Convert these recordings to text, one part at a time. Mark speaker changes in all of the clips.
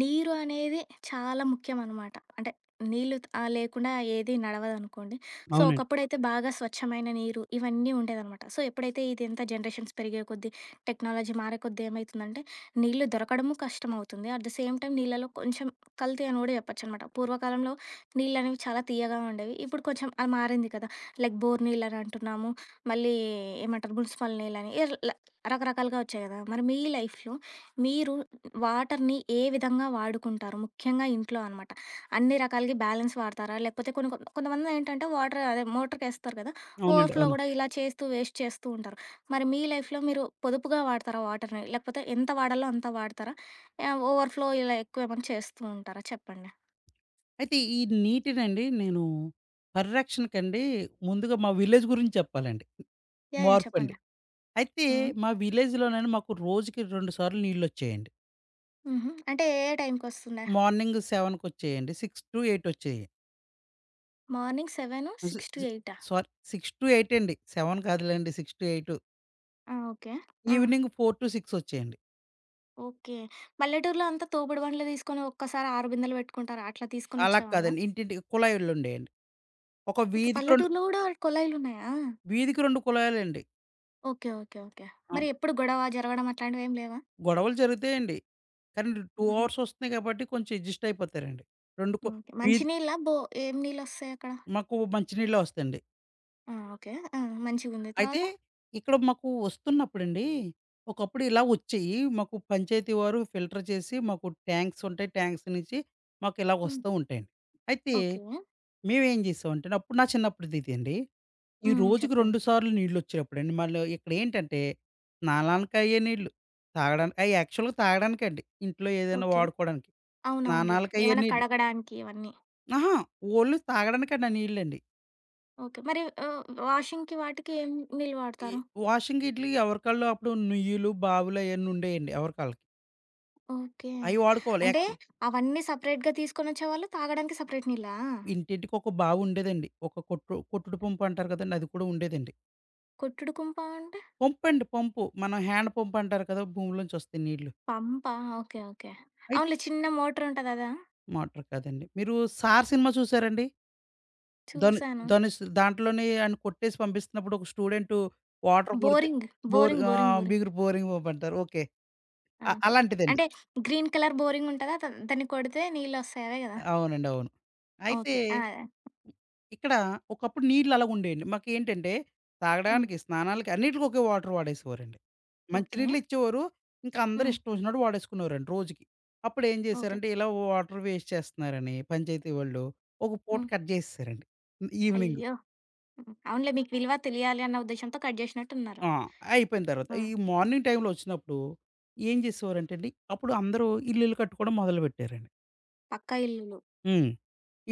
Speaker 1: నీరు అనేది చాలా ముఖ్యమనమాట. అంటే నీళ్ళు త్ ఆ లేకుండా ఏది నడవదనుకోండి. సో,
Speaker 2: అవునండి.
Speaker 1: ఒకప్పుడైతే బాగా స్వచ్ఛమైన నీరు, ఇవన్నీ ఉండేదనమాట సో ఎప్పుడైతే ఇదంతా జనరేషన్స్ పెరిగే కొద్దీ, టెక్నాలజీ మారే కొద్దీ, ఏమైతుందంటే నీళ్ళు దొరకడము కష్టమవుతుంది. ఎట్ ది సేమ్ టైమ్ నీళ్లలో కొంచెం కల్తీ అని గూడా చెప్పొచ్చనమాట. పూర్వకాలంలో నీళ్ళనేవి చాలా తియ్యగా ఉండేవి. ఇప్పుడు కొంచెం ఆ మారింది కదా! లైక్ బోర్ నీళ్ళని అంటున్నాము. మళ్ళీ ఏమంటరు మునిసిపల్ నీళ్ళని, యిర్ ల రకరకాలుగా ఒచ్చాయి గదా! మరి మీ లైఫ్‌లో మీరు వాటర్‌ని ఏ విధంగా వాడుకుంటారు? ముఖ్యంగా ఇంట్లో అనమాట. అన్ని రకాలగి బ్యాలెన్స్ వాడతారా? లేకపోతే కొన్ని కొంతమందేంటంటే వాటర్ అదే మోటర్‌కేస్తారు గదా.
Speaker 2: అవునండి.
Speaker 1: ఓవర్ ఫ్లో
Speaker 2: అవును.
Speaker 1: గూడా ఇలా చేస్తూ వేస్ట్ చేస్తూ ఉంటారు. మరి మీ లైఫ్‌లో మీరు పొదుపుగా వాడతారా వాటర్‌ని? లేకపోతే ఎంత వాడాలో అంత వాడతారా? ఆ ఓవర్ ఫ్లో ఇలా ఎక్కువేమన్నా చేస్తూ ఉంటారా చెప్పండి?
Speaker 2: అయితే ఈ నీటినండి నేను పరిరక్షణకండి. ముందుగా మా విలేజ్ గురించి చెప్పాలండి.
Speaker 1: యాహ్! యాహ్!
Speaker 2: మార్పండి.
Speaker 1: చెప్పండి.
Speaker 2: అయితే
Speaker 1: హ్మ్.
Speaker 2: మా విలేజ్‌ లోన మాకు రోజుకి 2 సార్లు నీళ్ళొచ్చేయండి.
Speaker 1: హుహు. అంటే ఏ ఏ టైమ్‌కొస్తుండె?
Speaker 2: మార్నింగ్ 7 కొచ్చేయండి. 6-8 ఒచ్చేయి.
Speaker 1: మార్నింగ్ సెవెను
Speaker 2: స్
Speaker 1: సిక్స్ టు
Speaker 2: స్
Speaker 1: ఎయిటా?
Speaker 2: సారీ, 6-8 అండి. 7 కాదులెండి. 6-8
Speaker 1: ఆ! ఓకే. ఆ!
Speaker 2: ఈవెనింగు 4-6 ఒచ్చేయండి.
Speaker 1: ఓకే. పల్లెటూరులో అంతా తోపుడు బండ్లు తీసుకొని ఒక్కసారి 6 బిందెలు పెట్టుకుంటారు, అట్లా
Speaker 2: అలా
Speaker 1: తీసుకొనొచ్చేవాళ్ళ?
Speaker 2: కాదండి. ఇంటింటికి కుళాయిలు ఉండేయండి. ఒక
Speaker 1: ఓకే.
Speaker 2: వీధికి 2
Speaker 1: పల్లెటూరులో గూడా కొళాయిలున్నాయా?
Speaker 2: వీధికి 2 కుళాయిలండి.
Speaker 1: ఓకే. ఓకే. ఓకే. మరి
Speaker 2: అవును.
Speaker 1: ఎప్పుడు గొడవ జరగడం అట్లాంటివేమి లేవా?
Speaker 2: గొడవలు జరుగుతాయండి. కానీ 2
Speaker 1: హుహు.
Speaker 2: అవర్స్ వస్తున్నాయి కాబట్టి, కొంచెం అడ్జస్ట్ అయిపోతారండి. 2 కొ
Speaker 1: ఓకే. మంచి
Speaker 2: వీధి
Speaker 1: నీళ్ళా? బో ఏం నీళ్ళొస్తాయక్కడ?
Speaker 2: మాకు మంచి నీళ్ళే వస్తాయండి.
Speaker 1: ఆ! ఓకే. ఆ! మంచిగుంది.
Speaker 2: అయితే
Speaker 1: తర్వాత?
Speaker 2: ఇక్కడ మాకు వస్తున్నప్పుడండి ఒకప్పుడిలా వచ్చేయీ. మాకు పంచాయతీ వారు ఫిల్టర్ చేసి మాకు ట్యాంక్స్ ఉంటాయి, ట్యాంక్స్ నుంచి
Speaker 1: హ్మ్.
Speaker 2: మాకిలాగొస్తూ ఉంటాయండి. అయితే
Speaker 1: ఓకే.
Speaker 2: మేమెం జేసామంటే అండి. అప్పుడు నా చిన్నప్పుడుదిదండి, ఈ
Speaker 1: హ్మ్.
Speaker 2: రోజుకి
Speaker 1: చెప్పండి.
Speaker 2: 2 సార్లు నీళ్ళొచ్చేప్పుడండి. మళ్ళీ ఇక్కడేంటంటే స్నానానికి అయ్యే నీళ్ళు, తాగడానికి అయి యాక్చువల్‌గా తాగడానికండి. ఇంట్లో ఏదైనా
Speaker 1: ఓకే.
Speaker 2: వాడుకోవడానికి,
Speaker 1: అవునవునులే.
Speaker 2: స్నానాలకి అయ్యే
Speaker 1: ఏమైనా
Speaker 2: నీళ్ళు.
Speaker 1: కడగడానికి ఇవన్నీ.
Speaker 2: అహా! ఓన్లీ తాగడానికండి ఆ నీళ్ళండి.
Speaker 1: ఓకే. మరి వ్ వాషింగ్‌కి వాటికి ఏం నీళ్ళు
Speaker 2: ఈ
Speaker 1: వాడతారు?
Speaker 2: వాషింగ్ ఇట్లీ ఎవరి కాళ్ళు అప్పుడు నుయ్యిలు, బావులు అయ్యన్నీ ఉండేయండి ఎవరికాళ్ళకి.
Speaker 1: ఓకే.
Speaker 2: అయి వాడుకోవాలి.
Speaker 1: అంటే
Speaker 2: యాక్చువల్
Speaker 1: అవన్నీ సెపరేట్‌గా తీసుకొని వచ్చేవాళ్ళు. తాగడానికి సెపరేట్ నీళ్ళా?
Speaker 2: ఇంటింటికి ఒక బావుండేదండి. ఒక కొట్టు కొట్టుడు పంపు అంటారు గదండీ! అది కూడా ఉండేదండి.
Speaker 1: కొట్టుడు కుంప అంటే?
Speaker 2: పంపండి. పంపు. మనం హ్యాండ్ పంప్ అంటారు కదా! భూమిలోంచి వస్తాయి నీళ్ళు.
Speaker 1: పంపా. ఓకే. ఓకే.
Speaker 2: ఐత్
Speaker 1: అవునులే చిన్న మోటార్ ఉంటది అదా?
Speaker 2: మోటర్ కాదండి. మీరు 'సార్' సినిమా చూసారా అండి? ధన్
Speaker 1: చూసాను.
Speaker 2: ధనుస్. దాంట్లోనే ఆడ్ని కొట్టేసి పంపిస్తున్నప్పుడు. ఒక స్టూడెంటు వాటర్ కొడితే
Speaker 1: బోరింగ్.
Speaker 2: Bore
Speaker 1: boring. బోరింగ్.
Speaker 2: ఆహ్
Speaker 1: బోరింగ్.
Speaker 2: బిగురు బోరింగ్ పంపు అంటారు. ఓకే. అ
Speaker 1: ఓకే.
Speaker 2: అలాంటిదండి.
Speaker 1: అంటే గ్రీన్ కలర్ బోరింగుంటదా! దన్ దాన్ని కొడితే నీళ్ళొస్తాయ్ అదే గదా!
Speaker 2: అవునండి. అవును. అయితే
Speaker 1: ఓకే. ఆ!
Speaker 2: ఇక్కడ ఒకప్పుడు నీళ్ళు అలాగా ఉండేయండి. మాకేంటంటే
Speaker 1: హ్మ్.
Speaker 2: తాగడానికి, స్నానాలకి అన్నిటికి ఒకే వాటర్ వాడేసేవారండి. మంచి
Speaker 1: ఓకే.
Speaker 2: నీళ్లు ఇచ్చేవారు. ఇంకా అందరూ
Speaker 1: హ్మ్.
Speaker 2: ఇష్టం వచ్చినట్టు వాడేసుకునేవారండి రోజుకి. అప్పుడేం
Speaker 1: ఓకే.
Speaker 2: జేశారంటే ఇలా వాటర్ వేస్ట్ చేస్తున్నారని పంచాయతీ వాళ్ళు ఒక పూట
Speaker 1: హ్మ్.
Speaker 2: కట్ జేసేసారండి ఇవెనింగు.
Speaker 1: అయ్యో! హ్మ్. అవునులే మీకు విలువ తెలియాలి అన్న ఉద్దేషంతో, కట్ జేసినట్టున్నారు.
Speaker 2: ఆ! అయిపోయిన తర్వాత
Speaker 1: హ్మ్.
Speaker 2: ఈ మార్నింగ్ టైంలొ వచ్చినప్పుడు ఏం చేసేవారంటే అండి. అప్పుడు అందరూ ఇల్లులు కట్టుకోవడం మొదలుపెట్టారండి.
Speaker 1: పక్కా ఇల్లులు.
Speaker 2: హ్మ్.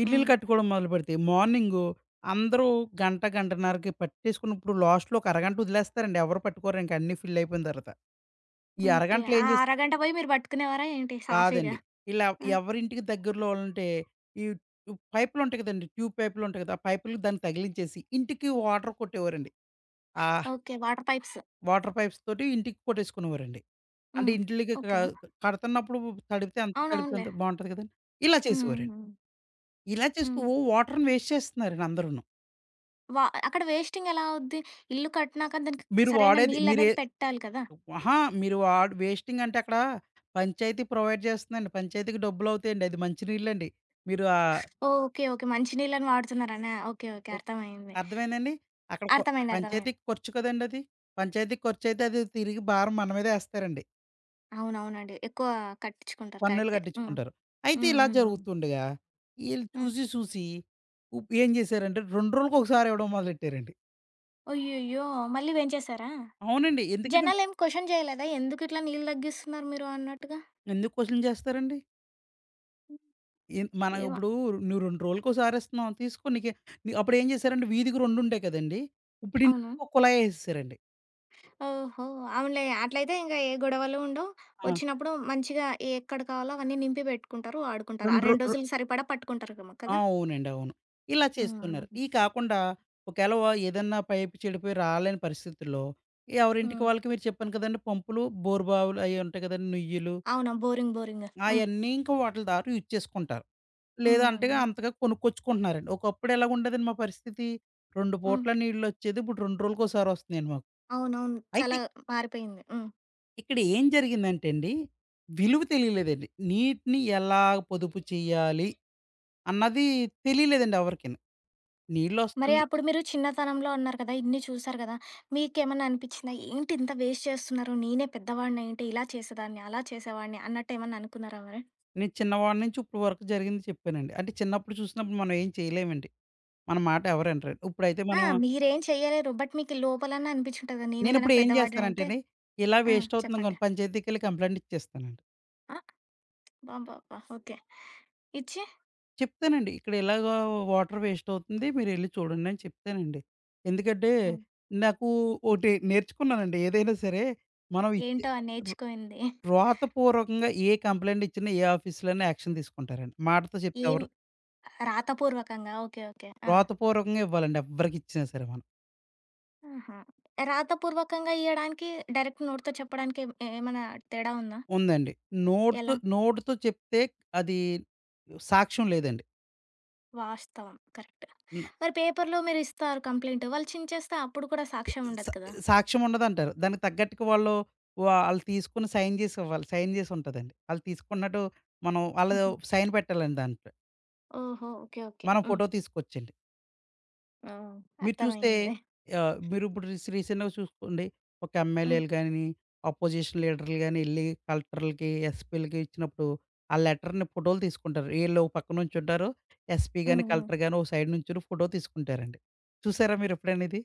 Speaker 2: ఇల్లులు
Speaker 1: హ్మ్.
Speaker 2: కట్టుకోవడం మొదలుపెడితే మార్నింగు అందరూ గంట గంటన్నరకి పట్టేసుకున్నప్పుడు లాస్ట్‌లో ఒక అరగంట ఒదిలేస్తారండి. ఎవరు పట్టుకోరింక అన్నీ ఫిల్లయిపోయిన తరవాత. ఈ
Speaker 1: ఓకే.
Speaker 2: అరగంటలో
Speaker 1: ఆ
Speaker 2: ఏం చేస్
Speaker 1: అరగంట బోయి మీరు బట్టుకునేవారా ఏంటి సాఫీగా?
Speaker 2: కాదండి. ఇలా
Speaker 1: ఆ!
Speaker 2: ఎవరింటికి దెగ్గరలో ఆళ్లుంటే ఈ ఇప్ పైప్ లుంటాయి కదండీ, ట్యూబ్ పైప్‌‌లుంటాయి కదా. ఆ పైపులకి దాన్ని తగిలించేసి ఇంటికి వాటర్ కొట్టేవారండి. ఆహ్
Speaker 1: okay. Water pipes.
Speaker 2: Water pipes తోటి ఇంటికి కొట్టేసుకునేవారండి. అంటే
Speaker 1: హ్మ్.
Speaker 2: ఇంటిలికికడ
Speaker 1: ఓకే.
Speaker 2: కడతన్నప్పుడు తడిపితే ఎంత తడిపితే
Speaker 1: అవునవునులే.
Speaker 2: అంత బావుంటది కదండి! ఇలా చేసేవారండి.
Speaker 1: హ్మ్.
Speaker 2: ఇలా చేస్తూ
Speaker 1: హ్మ్.
Speaker 2: వాటర్‌ని వేస్ట్ చేస్తున్నారండి అందరును.
Speaker 1: వా అక్కడ వేస్టింగెలా అవుద్ది? ఇల్లు కట్టినాక దానికి
Speaker 2: మీరు
Speaker 1: సరైన
Speaker 2: వాడేది, మీరే
Speaker 1: నీళ్ళనేది పెట్టాలి కదా!
Speaker 2: వ్ ఆహా! మీరు వాడ్ వే‌స్టింగ్ అంటే అక్కడా పంచాయతీ ప్రొవైడ్ చేస్తుందండి. పంచాయతీకి డబ్బులవుతాయండి. అది మంచి నీళ్ళండి. మీరు ఆ
Speaker 1: ఓకే. ఓకే. మంచి నీళ్ళని వాడుతున్నారనా? ఓకే. ఓకే.
Speaker 2: ఓక్.
Speaker 1: అర్థమయ్యింది.
Speaker 2: అర్థమైందా అండి? అక్కడ కొ
Speaker 1: అర్థమైంది. అర్థమైం
Speaker 2: పంచాయతీకి ఖర్చు కదండీ! అది. పంచాయతీకి ఖర్చుయితే అది తిరిగి భారం మన మీదె ఏస్తారండి.
Speaker 1: అవును. అవునండి. ఎక్కువ కట్టించుకుంటారు
Speaker 2: పన్నులు
Speaker 1: కరెక్టే. హ్మ్.
Speaker 2: కట్టించుకుంటారు. అయితే
Speaker 1: హ్మ్.
Speaker 2: ఇలా
Speaker 1: హ్మ్. హ్మ్.
Speaker 2: జరుగుతుండగా, ఈళ్ళు
Speaker 1: హ్మ్.
Speaker 2: చూసి సూసి, ఉప్ ఏం జేశారంటే 2 రోజులకొకసారివ్వడం మొదలెట్టారండి.
Speaker 1: అయ్యయ్యో! మళ్ళీ పెంచేసారా?
Speaker 2: అవునండి. ఎందుకినం
Speaker 1: జనాలేమి క్వెషన్ చేయలేదా? ఎందుకు ఇట్లా నీళ్ళు దగ్గిస్తున్నారు మీరు అన్నట్టుగా.
Speaker 2: ఎందుకు క్వెషన్ జేస్తారండి? ఎ మనం
Speaker 1: ఏమా
Speaker 2: ఇప్పుడు నువ్వు రెండ్రోజులకోసారి ఇస్తున్నావు. తీసుకో నీకె అప్పుడు ఏం జేశారంటే వీధికి రెండుండేయి కదండీ! ఇప్పుడు
Speaker 1: అవును.
Speaker 2: ఇంటికో కుళాయి ఏసేసారండి.
Speaker 1: ఓహో! అవునులే. అట్లయితే ఇంక ఏ గొడవలు ఉండవు.
Speaker 2: ఆ!
Speaker 1: వచ్చినప్పుడు మంచిగా ఏక్కడ కావాలో అవన్నీ నింపి పెట్టుకుంటారు, వాడుకుంటారు. ఆ
Speaker 2: 2 రొ
Speaker 1: 2
Speaker 2: ర్
Speaker 1: రోజులు సరిపడా పట్టుకుంటారేమో కదా!
Speaker 2: అవునండి. అవును. ఇలా
Speaker 1: హ్మ్.
Speaker 2: చేస్తున్నారు. ఇయి కాకుండా ఒకేలా ఏదన్నా పైపు చెడిపోయి రాలేని పరిస్థితుల్లో ఎవరింటికి
Speaker 1: హ్మ్.
Speaker 2: వాళ్ళకి మీరు చెప్పాను కదండీ పంపులు, బోరు బావులు అయి ఉంటాయి గదండీ! నుయ్యులు.
Speaker 1: అవున. బోరింగ్ బోరింగ్‌, హ్మ్.
Speaker 2: ఆయన్నీ ఇంకా వాటిల ద్వారా యూజ్ చేసుకుంటారు.
Speaker 1: హ్మ్.
Speaker 2: లేదంటేగా
Speaker 1: మె
Speaker 2: అంతగా కొనుక్కొచ్చుకుంటున్నారండి. ఒకప్పుడు ఎలా ఉండేదండి మా పరిస్థితి 2
Speaker 1: హ్మ్.
Speaker 2: పూట్ల నీళ్ళొచ్చేది. ఇప్పుడు రెండ్రోజులకోసారి ఒస్తున్నాయండి మాకు.
Speaker 1: అవునవును.
Speaker 2: అయితే
Speaker 1: చాలా మారిపోయింది. హ్మ్.
Speaker 2: ఇక్కడ ఏం జరిగిందంటేండి, విలువ తెలియలేదండి. నీటిని ఎలా పొదుపు చెయ్యాలి అన్నది తెలియలేదండి ఎవరికీను.
Speaker 1: మరి
Speaker 2: నీళ్ళొస్తున్నాయి
Speaker 1: అప్పుడు మీరు చిన్నతనంలో అన్నారు కదా! ఇన్ని చూసారు గదా! మీకేమన్నా అనిపిచ్చిందా? ఏంటింత వేస్ట్ చేస్తున్నారు. నేనే పెద్దవాడినైయుంటే ఇలా చేసేదాన్ని, అలా చేసేవాడిని అన్నటేమన్నా అనుకున్నారా మరి?
Speaker 2: నేను చిన్నవాడి నుంచి ఇప్పుడు వరుకు జరిగింది చెప్పానండి. అంటే, చిన్నప్పుడు చూసినప్పుడు మనం ఏం చేయలేమండి. మన మాట ఎవరు ఇనరు. ఇప్పుడైతే
Speaker 1: ఆ!
Speaker 2: మనం
Speaker 1: మీరేం చేయలేరు. బట్ మీకి లోపలన్నా అనిపిచ్చి ఉంటది కదా! నేనే గనక
Speaker 2: నేనప్పుడు ఏం
Speaker 1: పెద్ద
Speaker 2: జేస్తానంటే
Speaker 1: వాడినయితే
Speaker 2: అండి ఇలా
Speaker 1: ఆ!
Speaker 2: వేస్ట్ అవుతుందని
Speaker 1: చెప్పండి?
Speaker 2: గాను పంచాయతీకెళ్లి కంప్లెయింట్ ఇచ్చేస్తానండి.
Speaker 1: ఆ! అబ్బాబ్బాబ్బా! ఓకే. ఇచ్చి?
Speaker 2: చెప్తానండి. ఇక్కడ ఇలాగా వాటర్ వేస్ట్ అవుతుంది, మీరెళ్లి చూడండి అని చెప్తానండి. ఎందుకంటే,
Speaker 1: ఆ!
Speaker 2: నాకూ ఒటి నేర్చుకున్నానండి. ఏదైనా సరే మనం ఇచ్చే
Speaker 1: ఏంటో ఆ
Speaker 2: వ్రా
Speaker 1: నేర్చుకొనింది?
Speaker 2: వ్రాతపూర్వకంగా ఏ కంప్లెయింట్ ఇచ్చినా ఏ ఆఫీస్‌లో అయినా యాక్షన్ తీసుకుంటారండి. మాటతో చెప్తే
Speaker 1: ఏం
Speaker 2: ఎవరు
Speaker 1: రాతపూర్వకంగా ఓకే. ఓకే. ఆ!
Speaker 2: వ్రాత పూర్వకంగా ఇవ్వాలండి ఎవ్వరికి ఇచ్చినా సరే మనం.
Speaker 1: ఆహా! రాతపూర్వకంగా ఇయ్యడానికి, డైరెక్ట్ నోటితో చెప్పడానికేమి ఏమన్నా తేడా ఉందా?
Speaker 2: ఉందండి. నోట్‌తో
Speaker 1: ఎలా?
Speaker 2: నోటితో చెప్తే అదీ సాక్ష్యం లేదండి.
Speaker 1: వాస్తవం. కరెక్ట్.
Speaker 2: నా
Speaker 1: మరి పేపర్‌లో మీరు ఇస్తారు కంప్లెయింట్ వాళ్ళు చించేస్తే అప్పుడు కూడా
Speaker 2: ఇది
Speaker 1: సాక్ష్యం ఉండదు
Speaker 2: సా
Speaker 1: కదా!
Speaker 2: సాక్ష్యం ఉండదంటారు. దానికి తగ్గట్టుగా వాళ్ళు వాళ్ళు తీసుకొని సైన్ జేసి ఇవ్వాలి. సైన్ జేసి ఉంటదండి వాళ్ళు తీసుకున్నట్టు. మనం వాళ్ళ
Speaker 1: హుహు.
Speaker 2: సైన్ పెట్టాలండి దాంట్లో.
Speaker 1: ఓహొ! ఓకే. ఓకే.
Speaker 2: మనం
Speaker 1: హ్మ్.
Speaker 2: ఫోటో తీసుకొచ్చండి.
Speaker 1: ఓహ్!
Speaker 2: మీరు చూస్తే
Speaker 1: అర్థమయింది.
Speaker 2: ఆహ్, మీరు ఇప్పుడు రీస్ రీసెంట్‌గా సూసుకోండి, ఒక
Speaker 1: హ్మ్.
Speaker 2: ఎంఎల్ఏ‌లు గాని, అపోజిషన్ లీడర్‌లు గానెల్లి కలెక్టర్లుకి, ఎస్‌పి‌లకి ఇచ్చినప్పుడు ఆ లెటర్‌ని ఫోటోలు తీసుకుంటారు. ఈళ్ళు ఒక పక్కన నుంచుంటారు. ఎస్‌పి
Speaker 1: హ్మ్
Speaker 2: గాని,
Speaker 1: హ్మ్.
Speaker 2: కలెక్టర్ గాని, ఒక సైడ్ నుంచుని ఫోటో తీసుకుంటారండి. చూసారా మీరెప్పుడైనా ఇది?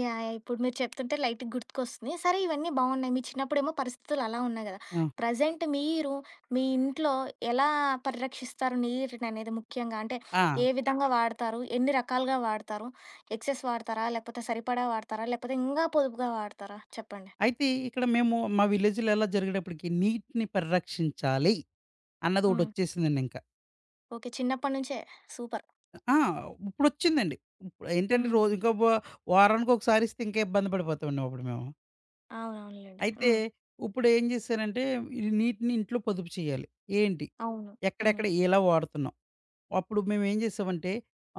Speaker 1: యాహ్! ఇప్పుడు మీరు చెప్తుంటే లైట్ గుర్తుకొస్తున్నయి. సరే ఇవన్నీ బావున్నాయి. మీ చిన్నప్పుడేమో పరిస్థితులు అలా ఉన్నాయి గదా!
Speaker 2: ఆ!
Speaker 1: ప్రెజెంట్ మీరు మీ ఇంట్లో ఎలా పరిరక్షిస్తారు నీరుననేది? ముఖ్యంగా అంటే
Speaker 2: ఆ!
Speaker 1: ఏ విధంగా వాడతారు? ఎన్ని రకాలుగా వాడతారు? ఎక్సెస్ వాడతారా? లేకపోతే సరిపడా వాడతారా? లేకపోతే ఇంగా పొదుపుగా వాడతారా? చెప్పండి.
Speaker 2: అయితే ఇక్కడ మేము మా విలేజ్‌లో ఎలా జరిగేటప్పటికి నీటిని పరిరక్షించాలి. అన్నదొకటి
Speaker 1: హ్మ్.
Speaker 2: ఒచ్చేసిందండి ఇంకా.
Speaker 1: ఓకే. చిన్నప్పడి నుంచే సూపర్.
Speaker 2: ఆ! ఉప్పుడొచ్చిందండి. ఉప్ ఏంటంటే
Speaker 1: హ్మ్.
Speaker 2: రోజుకో బొ వారానికొకసారిస్తే ఇంకా ఇబ్బంది పడిపోతామండి అప్పుడు మేము.
Speaker 1: అవునవునులెండి.
Speaker 2: అయితే
Speaker 1: హ్మ్.
Speaker 2: ఉప్పుడేం జేశానంటే ఈ నీటిని ఇంట్లో పొదుపు చేయాలి. ఏంటి?
Speaker 1: అవును. హ్మ్.
Speaker 2: ఎక్కడెక్కడ ఎలా వాడుతున్నాం? అప్పుడు మేమేం జేసామంటే,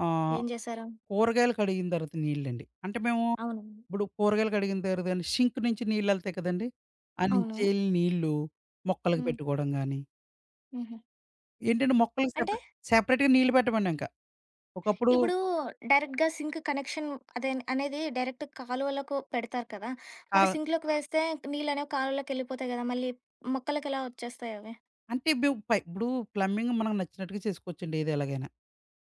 Speaker 2: ఆహ్,
Speaker 1: ఏం జేసారు?
Speaker 2: కూరగాయలు కడిగిన తర్వాత నీళ్లండి. అంటే మేము
Speaker 1: అవును.
Speaker 2: ఇప్పుడు కూరగాయలు కడిగిన తర్వాత షింక్ నుంచి నీళ్ళెళ్తాయి కదండీ!
Speaker 1: అవును.
Speaker 2: అన్నించెల్లి నీళ్ళు మొక్కలకి
Speaker 1: హ్మ్.
Speaker 2: పెట్టుకోడం గాని
Speaker 1: హుహు.
Speaker 2: ఏంటంటే మొక్కలకి
Speaker 1: అంటే?
Speaker 2: సెపరే సెపరేట్‌గా నీళ్ళు పెట్టమండింకా. ఒకప్పుడు
Speaker 1: ఇప్పుడూ డైరెక్ట్‌గా సింక్ కనెక్షన్ అదేన్ అనేది డైరెక్ట్ కాలువలకు పెడతారు కదా! మరి
Speaker 2: చాలా
Speaker 1: సింక్‌లోకి వేస్తే నీళ్లనేవి కాలువలోకెళ్ళిపోతాయి కదా! మళ్ళీ మొక్కలకెలా వచ్చేస్తాయవి?
Speaker 2: అంటే ఇబ్బు పై ఇప్పుడు ప్లంబింగ్ మనకు నచ్చినట్టుగా చేసుకోవచ్చండి ఏదెలాగైనా.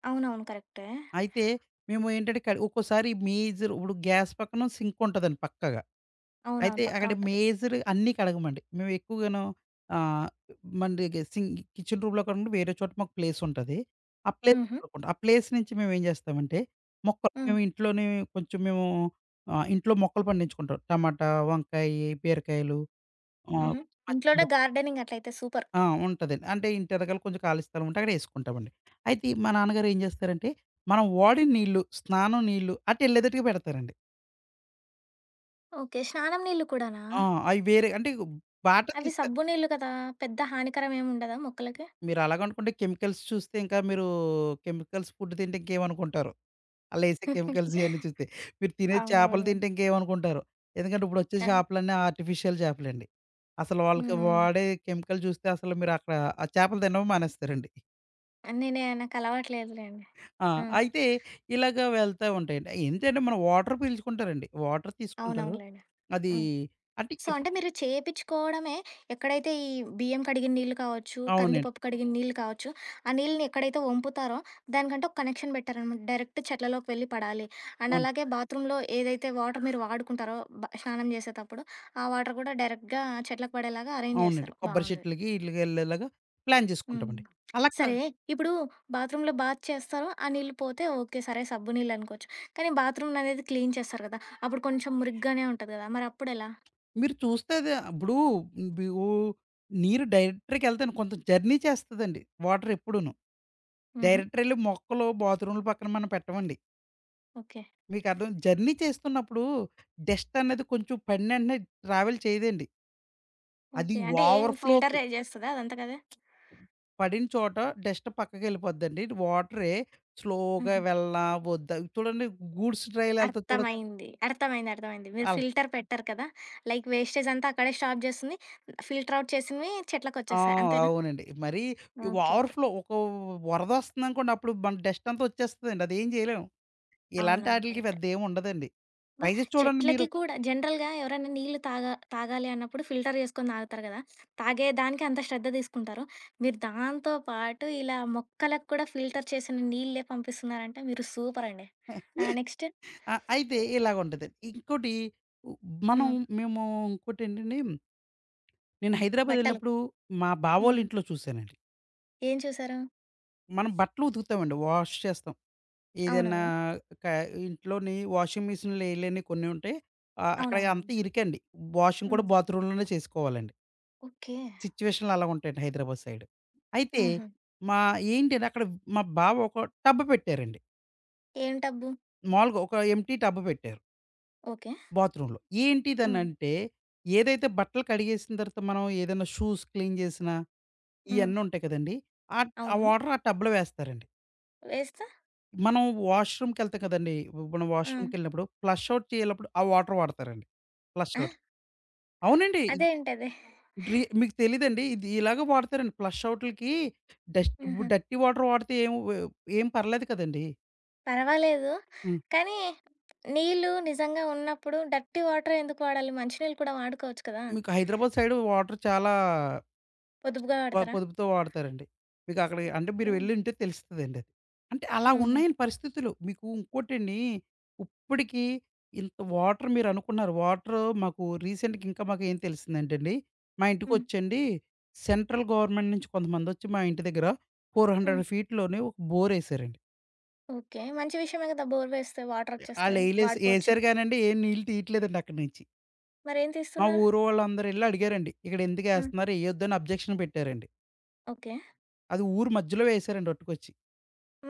Speaker 1: అవునవును. కరెక్టే.
Speaker 2: అయితే మేము ఏంటంటే కడి ఒక్కోసారి మేజరు ఇప్పుడు గ్యాస్ పక్కన సింకుంటాదండి పక్కాగా. అయితే
Speaker 1: అవునవును. పక్కా
Speaker 2: అక్కడ
Speaker 1: ఉంటది.
Speaker 2: మేజరు అన్నీ కడగమండి. మేము ఎక్కువగాను ఆహ్, మన్‌ డెగే సింక్ కిచెన్ రూమ్‌‌లో కాకుండా వేరే చోట మాకు ప్లేసుంటాది. ఆ ప్లేస్‌లో
Speaker 1: హుహు.
Speaker 2: కడుక్కుంటాం. ఆ ప్లేస్ నుంచి మేమేం జేస్తామంటే, మొక్కల్
Speaker 1: హ్మ్.
Speaker 2: మేమింట్లోనే కొంచెం మేము ఆహ్, ఇంట్లో మొక్కలు పండించుకుంటాం. టమాటా, వంకాయి, బీరకాయలు, ఆహ్,
Speaker 1: హుహు. ఇంట్లోనే
Speaker 2: పచ్చిమిరప్
Speaker 1: గార్డెనింగ్. అట్లైతే సూపర్!
Speaker 2: ఆ! ఉంటదండి. అంటే ఇంటెనకాల కొంచెం ఖాళీ స్థలం ఉంటే అక్కడేసుకుంటామండి. అయితే, మా నాన్నగారేం జేస్తారంటే మనం వాడిన నీళ్ళు, స్నానం నీళ్ళు, అటెళ్ళేతట్టుగా పెడతారండి.
Speaker 1: ఓకే. స్నానం నీళ్ళు కూడానా?
Speaker 2: ఆ! అయి వేరే అంటే ఇక బాట
Speaker 1: అవి
Speaker 2: తీస్తారు.
Speaker 1: సబ్బు నీళ్ళు కదా! పెద్ద హానికరం ఏం ఉండదా మొక్కలకి?
Speaker 2: మీరలాగనుకుంటే కెమికల్స్ చూస్తే ఇంకా మీరూ కెమికల్స్ ఫుడ్ తింటే ఇంకేమనుకుంటారో! అల్లేసే కెమికల్స్ ఇయన్నీ చూస్తే. మీరు తినే చేపలు
Speaker 1: అవును.
Speaker 2: తింటే ఇంకేమనుకుంటారో! ఎందుకంటే ఇప్పుడొచ్చే
Speaker 1: ఆ!
Speaker 2: చేపలన్నీ ఆర్టిఫిషియల్ చేపలండి. అసలు వాళ్ళకి
Speaker 1: హ్మ్.
Speaker 2: వాడే కెమికల్ జూస్తే అసలు మీరక్కడ ఆ చేపలు తినడమే మానేస్తారండి.
Speaker 1: అన్నీ నేను నాకలవాటు లేదులెండి.
Speaker 2: ఆ!
Speaker 1: ఆ!
Speaker 2: అయితే ఇలాగా వెళ్తా ఉంటాయండి. ఎంతయిన మనం వాటర్ పీల్చుకుంటారండి. వాటర్ తీసుకుంటారు.
Speaker 1: అవునవునులెండి.
Speaker 2: అదీ
Speaker 1: హ్మ్.
Speaker 2: అంటే
Speaker 1: సో,
Speaker 2: ఎపు
Speaker 1: అంటే మీరు చేపిచ్చుకోవడమే ఎక్కడైతే ఈ బియ్యం కడిగిన నీళ్ళు కావచ్చు,
Speaker 2: అవునండి.
Speaker 1: కందిపప్పు కడిగిన నీళ్ళు కావచ్చు, ఆ నీళ్ళని ఎక్కడైతే ఒంపుతారో, దానికంటూ ఒక కనెక్షన్ పెట్టారనమాట. డైరెక్ట్ చెట్లలోకి వెళ్లి పడాలి. అండ్
Speaker 2: అవును.
Speaker 1: అలాగే బాత్రూమ్‌లో ఏదైతే వాటర్ మీరు వాడుకుంటారో బా స్నానం చేసేతప్పుడు, ఆ వాటర్ గూడా డైరెక్ట్‌గా చెట్లకు పడేలాగా అరేంజ్
Speaker 2: అవునండి.
Speaker 1: చేసారు.
Speaker 2: కొబ్బరి
Speaker 1: బావుంది.
Speaker 2: చెట్లుకి ఈట్లికెళ్ళేలాగా ప్లాన్
Speaker 1: హ్మ్.
Speaker 2: చేసుకుంటామండి. అలా
Speaker 1: సరే
Speaker 2: కాదు.
Speaker 1: ఇప్పుడూ, బాత్రూమ్‌లో బాత్ చేస్తారు, ఆ నీళ్లు పోతే ఓకే. సరే సబ్బు నీళ్ళనుకోవచ్చు. కానీ బాత్రూమ్‌లనేది క్లీన్ చేస్తారు కదా, అప్పుడు కొంచెం మురిగ్గానే ఉంటది గదా, మరి అప్పుడెలా?
Speaker 2: మీరు చూస్తే అది ఇప్పుడూ బి వూ నీరు డైరెక్టర్‌కెళ్తండి కొంచెం జర్నీ చేస్తాదండి వాటర్ ఎప్పుడూను.
Speaker 1: హుహు.
Speaker 2: డైరెక్టరెళ్లి మొక్కలు బాత్రూమ్‌ల పక్కన మనం పెట్టమండి.
Speaker 1: ఓకే.
Speaker 2: మీకర్థమై జర్నీ చేస్తున్నప్పుడు డస్ట్ అనేది కొంచెం పడినెంటనే ట్రావెల్ చేయదండి. అది
Speaker 1: ఓకే. అంటే ఏం
Speaker 2: వావర్
Speaker 1: ఫీల్టర్
Speaker 2: ఫ్లో‌కి
Speaker 1: రైజ్ చేస్తదా అదంతేకదా?
Speaker 2: పడిన చోట డస్ట్ పక్కకెళ్ళిపోద్దండి వాటరె స్లో‌గా
Speaker 1: హుహు.
Speaker 2: వెళ్ళనా ఒద్దా చూడండి గూడ్స్ రైలెళ్తది చూడొచ్చు
Speaker 1: అర్థమైంది. అర్థమైంది. అర్థమైంది. మీరు
Speaker 2: అలా
Speaker 1: ఫిల్టర్ పెట్టరు కదా, లైక్ వేస్టేజ్ అంతా అక్కడే స్టాప్ జేస్తుంది, ఫిల్టర్‌ అవుట్ చేసినవి
Speaker 2: ఆ!
Speaker 1: చెట్లకొచ్చేస్తాయి అంతేనా?
Speaker 2: అవునండి. మరీ
Speaker 1: ఓకే.
Speaker 2: Over‌
Speaker 1: okay.
Speaker 2: ఫ్లో. ఒక వ్ వరదొస్తుందనుకోండి, అప్పుడు మన డస్ట్ అంతా వచ్చేస్తదండి. అదేం జేయలేం.
Speaker 1: అవునవును.
Speaker 2: ఇలాంటాటిలికి
Speaker 1: కరెక్టే.
Speaker 2: పెద్దేముండదండి.
Speaker 1: అబ్బా!
Speaker 2: ట్రై‌జేసి చూడండి
Speaker 1: చెట్లకి
Speaker 2: మీరు.
Speaker 1: కూడా, జనరల్‌గా ఎవరన్నా నీళ్లు తాగా తాగాలి అన్నప్పుడు ఫిల్టర్ జే‌సుకొని దాగుతారు గదా. తాగేదానికంత శ్రద్ధ దీసుకుంటారు. మీరు దాంతో పాటు ఇలా మొక్కలక్కూడా ఫిల్టర్ చేసిన నీళ్ళే పంపిస్తున్నారంటే మీరు సూపరండి. ఆహ్, నెక్స్టు.
Speaker 2: ఆ! అయితే ఇలాగుంటది. ఇంకోటి ఉ మనం
Speaker 1: హ్మ్.
Speaker 2: మేమూ ఇంకోటేంటండి? నేను
Speaker 1: బట్టలు.
Speaker 2: హైదరాబాదెళ్ళినప్పుడూ, మా
Speaker 1: హ్మ్.
Speaker 2: బావోళ్ళింట్లో చూసానండి.
Speaker 1: ఏం చూసారు?
Speaker 2: మనం బట్టలు ఉతుకుతామండి. వాష్ చేస్తాం. ఏదన్నా
Speaker 1: అవునవును.
Speaker 2: కా ఇంట్లోని వాషింగ్ మెషిన్‌లో ఎయలేనియి కొన్ని ఉంటాయి. ఆహ్, అక్కడ అంతా
Speaker 1: అవునవును.
Speaker 2: ఇరుకండి. వాషింగ్ కూడా
Speaker 1: హ్మ్.
Speaker 2: బాత్‌రూమ్ లోనే చేసుకోవాలండి.
Speaker 1: ఓకే.
Speaker 2: సిచ్యుయేషన్లు అలాగుంటాయండి హైదరాబాద్ సైడ్. అయితే
Speaker 1: హుహు.
Speaker 2: మా ఏంటిని అక్కడ మా బావొక టబ్ పెట్టారండి.
Speaker 1: ఏం టబ్బు?
Speaker 2: మాములుగా ఒక ఎంప్టీ టబ్ పెట్టారు.
Speaker 1: ఓకే.
Speaker 2: బాత్‌రూమ్‌లో. ఏంటిది?
Speaker 1: హ్మ్.
Speaker 2: అనంటే, ఏదైతే బట్టలు కడిగేసిన తరువాత మనం ఏదైనా షూస్ క్లీన్ జేసినా,
Speaker 1: హ్మ్.
Speaker 2: ఇయన్నుంటాయి కదండి! ఆట్ ఆ
Speaker 1: అవును.
Speaker 2: వాటర్ ఆ టబ్‌లో వేస్తారండి.
Speaker 1: వేస్తా
Speaker 2: మనం వాష్‌రూమ్‌‌కెళ్తా కదండి! ఇప్పుడు మనం
Speaker 1: ఆ!
Speaker 2: వాష్‌రూమ్‌కెళ్ళినప్పుడు, ఫ్లష్ ఔట్ చేయనప్పుడు ఆ వాటర్ వాడతారండి. ఫ్లష్
Speaker 1: ఆ!
Speaker 2: ఔట్. అవునండి.
Speaker 1: అదేంటది?
Speaker 2: డ్రి మీకు తెలీదండి. ఇది ఇలాగ వాడతారండి. ప్లష్ ఔట్‌లకి డస్ట్ వు
Speaker 1: హుహు.
Speaker 2: డిర్టీ వాటర్ వాడితే ఏం వ ఏం పర్లేదు కదండీ!
Speaker 1: పర్వాలేదు.
Speaker 2: హ్మ్.
Speaker 1: కానీ, నీళ్ళు నిజంగా ఉన్నప్పుడు డర్టీ వాటరె ఎందుకు వాడాలి? మంచి నీళ్ళు కూడా వాడుకోవచ్చు కదా?
Speaker 2: మీకు హైదరాబాద్ సైడ్ వాటర్ చాలా
Speaker 1: పొదుపుగా
Speaker 2: బా
Speaker 1: వాడతారా?
Speaker 2: పొదుపుతో వాడతారండి. మీకక్కడికి అంటే మీరు
Speaker 1: ఓకే.
Speaker 2: వెళ్లుంటే తెలుస్తదండి అది. అంటే, అలా
Speaker 1: హుహు.
Speaker 2: ఉన్నాయండి పరిస్థితులు. మీకు ఇంకోటండి, ఇప్పడికీ ఇంత వాటర్ మీరనుకున్నారు. వాటర్ మాకు రీసెంట్‌గా ఇంకా మాకేం తెలిసిందంటే అండి, మా
Speaker 1: హ్మ్.
Speaker 2: ఇంటికొచ్చండి సెంట్రల్ గవర్నమెంట్ నుంచి కొంతమందొచ్చి మా ఇంటి దెగ్గర ఫోర్
Speaker 1: హ్మ్.
Speaker 2: హండ్రెడ్ ఫీట్ లోనే ఒక బోరేశారండి.
Speaker 1: ఓకే. మంచి విషయమే గదా! బోర్ వేస్తే వాటరొచ్చేస్తాయ్.
Speaker 2: ఆళ్లెయ్‌ళ్లేస్
Speaker 1: వాడిపోవచ్చు.
Speaker 2: ఏసారు గానండి, ఏం నీళ్ళు తీయట్లేదండి అక్కడి నించి.
Speaker 1: మరేం
Speaker 2: మా
Speaker 1: తీస్తున్నారు?
Speaker 2: ఊరు వాళ్ళందరూ ఎళ్లి అడిగారండి. ఇక్కడెందుకు
Speaker 1: హ్మ్.
Speaker 2: ఏస్తున్నారు? ఎయ్యొద్దని అబ్జెక్షన్ పెట్టారండి.
Speaker 1: ఓకే.
Speaker 2: అది ఊరు మధ్యలో వేసారండి అట్టుకొచ్చి.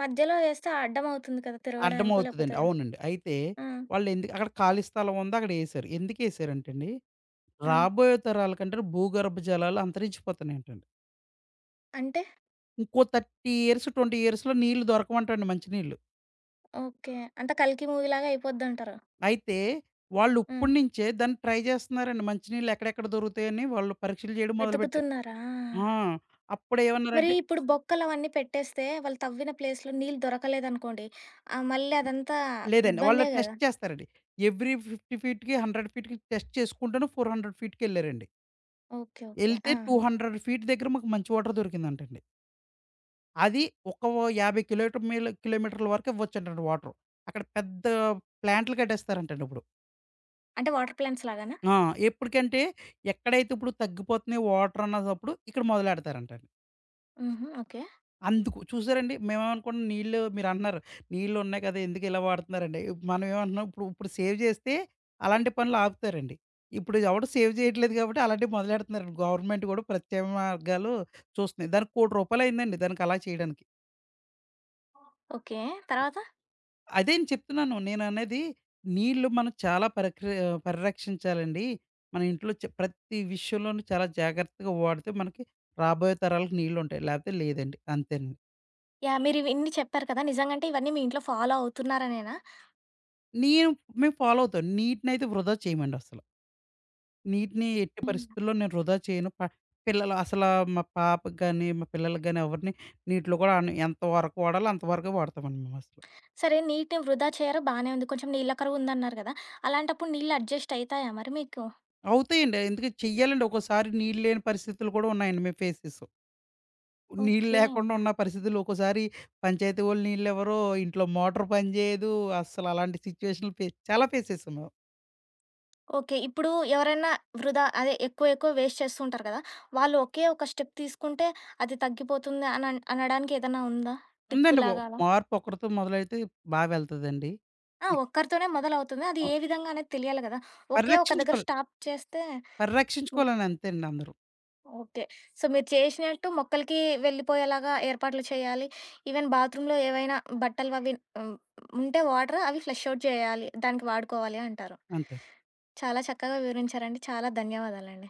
Speaker 1: మధ్యలో వేస్తే అడ్డం అవుతుంది కదా తిరగడానికో
Speaker 2: అడ్డమవుతదండి.
Speaker 1: లేకపోతే
Speaker 2: అవునండి. అయితే
Speaker 1: హ్మ్.
Speaker 2: వాళ్ళెందుకు అక్కడ ఖాళీ స్థలం ఉందక్కడ ఏశారు. ఎందుకేశారంటండి
Speaker 1: హ్మ్.
Speaker 2: రాబోయే తరాలకంట భూగర్భ జలాలు అంతరించిపోతున్నాయంటండి.
Speaker 1: అంటే?
Speaker 2: ఇంకో 30 ఇయర్స్‌, 20 ఇయర్స్‌లో నీళ్ళు దొరకవంటండి. మంచి నీళ్ళు.
Speaker 1: ఓకే. అంటే 'కల్కి' మూవీ లాగా అయిపోద్దంటారు.
Speaker 2: అయితే వాళ్ళు
Speaker 1: హ్మ్.
Speaker 2: ఇప్పటినుంచే దాన్ని ట్రై జేస్తున్నారండి. మంచి నీళ్ళు ఎక్కడెక్కడ దొరుకుతాయని వాళ్ళు పరీక్షలు చేయడం మొదలుపెట్టారు.
Speaker 1: వెతుకుతున్నారా!
Speaker 2: ఆ!
Speaker 1: మరి
Speaker 2: అప్పుడేమన్నారంటే
Speaker 1: ఇప్పుడు బొక్కలవన్నీ పెట్టేస్తే వాళ్ళు తవ్విన ప్లేస్‌లో నీళ్ళు దొరకలేదనుకోండి ఆహ్, మళ్ళదంతా
Speaker 2: లేదండి. వాళ్ళు
Speaker 1: ఇబ్బందే గదా!
Speaker 2: టెస్ట్ చేస్తారండి. ఎవరీ 50 ఫీట్‌కి, 100 ఫీట్‌కి టెస్ట్ చేసుకుంటును 400 ఫీట్‌కెళ్లారండి.
Speaker 1: ఓకే. ఓకే.
Speaker 2: ఎళ్తే టూ
Speaker 1: ఆహా!
Speaker 2: హండ్రెడ్ ఫీట్ దగ్గర మాకు మంచి వాటర్ దొరికిందంటండి. అది ఒక 50 కిలోటమీల కిలోమీటర్ల వరకు ఇవ్వచ్చంటండి వాటరు. అక్కడ పెద్ద ప్లాంట్లు కట్టేస్తారంటండి ఇప్పుడు.
Speaker 1: అంటే వాటర్ ప్లాంట్స్ లాగానా?
Speaker 2: ఆ! ఎప్పడికంటే ఎక్కడైతే ఇప్పుడు తగ్గిపోతున్నాయి వాటరనదప్పుడు ఇక్కడ మొదలెడతారంటండి.
Speaker 1: హుహు. ఓకే.
Speaker 2: అందుకు, చూసారండి మేమేమనుకున్నాం నీళ్ళు మీరంటున్నారు నీళ్ళున్నాయి కదా ఎందుకిలా వాడుతన్నారండి? మనం ఏమంటున్నాం ఇప్పుడు ఇప్పుడు సేవ్ జేస్తే అలాంటి పనులాపుతారండి. ఇప్పుడిది ఎవడు సేవ్ జేయట్లేదు కాబట్టి, అలాంటియి మొదలెడుతన్నారండి. గవర్నమెంట్ గూడా ప్రత్యేక మార్గాలు చూస్తున్నాయి. దానికి రూ. 1,00,00,000 అయ్యిందండి. దానికలా చేయడానికి.
Speaker 1: ఓకే. తరవాత?
Speaker 2: అదేను చెప్తున్నాను. నేననెది నీళ్ళు మనం చాలా పరక్రియ పరిరక్షించాలండి. మన ఇంట్లో చ ప్రతి విషయంలోనూ చాలా జాగ్రత్తగా వాడితే మనకి రాబోయే తరాలకి నీళ్ళుంటాయి. లేపోతే లేదండి. అంతేనండి.
Speaker 1: యాహ్! మీరివి ఇన్ని చెప్పారు కదా! నిజంగా అంటే ఇవన్నీ మీ ఇంట్లో ఫాలో అవుతున్నారనేనా?
Speaker 2: నీము మేము ఫాలో అవుతాను. నీటినైతే వృధా చేయమండస్సలు. నీటిని ఎట్టి
Speaker 1: హ్మ్.
Speaker 2: పరిస్థితుల్లో నేను వృధా చేయను. ప పిల్లల అసల మా పాపకి గాని మా పిల్లలకు గాని ఎవరిని నీటిలో కూడా ఆడని ఎంతవరకు వాడాలో అంతవరకే వాడతామండి మేమసలు.
Speaker 1: సరే నీటిని వృధా చేయరు. బానే ఉంది. కొంచెం నీళ్ళ కరువుందన్నారు గదా! అలాంటప్పుడు నీళ్ళు అడ్జస్టయితాయా మరి మీకు?
Speaker 2: అవుతాయండి. ఎందుకంటే చెయ్యాలండి ఒక్కోసారి నీళ్ళు లేని పరిస్థితులు గూడా ఉన్నాయండి. మేమ్ ఫేస్ చేశాం. నీళ్ళు
Speaker 1: ఓకే.
Speaker 2: లేకుండా ఉన్న పరిస్థితుల్లో ఒక్కోసారి పంచాయతీ వోళ్ళు నీళ్ళివ్వరు. ఇంట్లో మోటర్ పని జేయదు. అస్సల అలాంటి సిచ్యుయేషన్ ఫేస్ చాలా ఫేస్ చేశాం మేము.
Speaker 1: ఓకే. ఇప్పుడు ఎవరన్నా వృధా అదె ఎక్కువ ఎక్కువ వేస్ట్ చేస్తూ ఉంటారు గదా! వాళ్ళు ఒకే ఒక స్టెప్ తీసుకుంటే, అది తగ్గిపోతుంది అని అన్ అనడానికేదన్నా ఉందా? టిప్
Speaker 2: ఉందండి బా
Speaker 1: లాగ అలా.
Speaker 2: మార్పు ఒకడితో మొదలైతే బా వెళ్తదండి.
Speaker 1: ఆ!
Speaker 2: ఇ
Speaker 1: ఒక్కరితోనే మొదలవుతది. అది
Speaker 2: ఆ!
Speaker 1: ఏ విధంగా అనేది తెలియాలి గదా! ఒకే ఒక దెగ్గర
Speaker 2: పరిరక్షించుకోవాలి.
Speaker 1: స్టాప్ చేస్తే ఒ
Speaker 2: పరిరక్షించుకోవాలని అంతేనండి అందరు.
Speaker 1: ఓకే. సో, మీరు చేశినట్టు మొక్కలకి వెళ్ళిపోయేలాగా ఏర్పాట్లు చేయాలి. ఈవెన్ బాత్‌రూమ్‌లో ఏవైనా బట్టలు అవి హ్మ్. ఉంటే వాటర్ అవి ఫ్లష్ ఔట్ జేయాలి. దానికి వాడుకోవాలి అంటారు.
Speaker 2: అంతే.
Speaker 1: చాలా చక్కగా వివరించారండి. చాలా ధన్యవాదాలండి.